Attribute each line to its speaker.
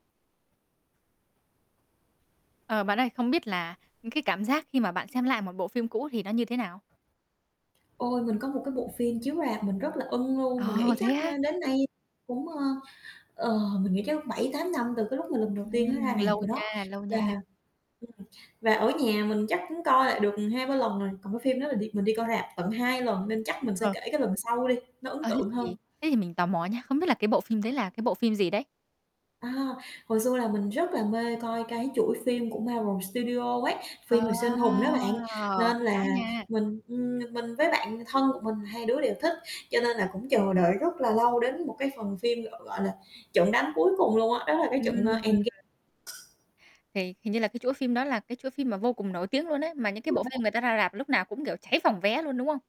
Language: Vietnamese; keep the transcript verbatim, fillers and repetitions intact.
Speaker 1: Ờ, bạn ơi, không biết là, ừm, cái cảm giác khi mà bạn xem lại một bộ phim cũ thì nó như thế nào?
Speaker 2: Ôi, mình có một cái bộ phim chiếu rạp mình rất là ưng luôn, mình
Speaker 1: Ờ,
Speaker 2: nghĩ
Speaker 1: thế
Speaker 2: chắc, ơ,
Speaker 1: á?
Speaker 2: đến nay cũng, ơ, ờ, mình nghĩ chắc bảy tám năm từ cái lúc mà lần đầu tiên nó
Speaker 1: Ừm,
Speaker 2: ra rạp
Speaker 1: lâu
Speaker 2: rồi đó.
Speaker 1: nha, lâu
Speaker 2: Và
Speaker 1: nha.
Speaker 2: ừm, và ở nhà mình chắc cũng coi lại được, ừm, hai ba lần rồi, còn cái phim đó là đi mình đi coi rạp tận hai lần nên chắc mình sẽ
Speaker 1: Ờ.
Speaker 2: kể cái lần sau đi, nó ấn
Speaker 1: Ờ, thế
Speaker 2: tượng
Speaker 1: thì
Speaker 2: hơn.
Speaker 1: thế thì mình tò mò nha, không biết là cái bộ phim đấy là cái bộ phim gì đấy?
Speaker 2: À, hồi xưa là mình rất là mê coi cái chuỗi phim của Marvel Studio ấy,
Speaker 1: Ờ,
Speaker 2: phim về siêu anh hùng đó bạn, nên là
Speaker 1: đã nha.
Speaker 2: mình, ừm, mình mình với bạn thân của mình hai đứa đều thích cho nên là cũng chờ đợi rất là lâu đến một cái phần phim gọi gọi là, "Trận đánh cuối cùng" luôn á, đó là cái
Speaker 1: Ừm,
Speaker 2: trận, à,
Speaker 1: ừm.
Speaker 2: Endg
Speaker 1: Thì hình như là cái chuỗi phim đó là cái chuỗi phim mà vô cùng nổi tiếng luôn á, mà những cái bộ phim
Speaker 2: [unintelligible]
Speaker 1: người ta ra rạp lúc nào cũng, kiểu, cháy phòng vé luôn, đúng không?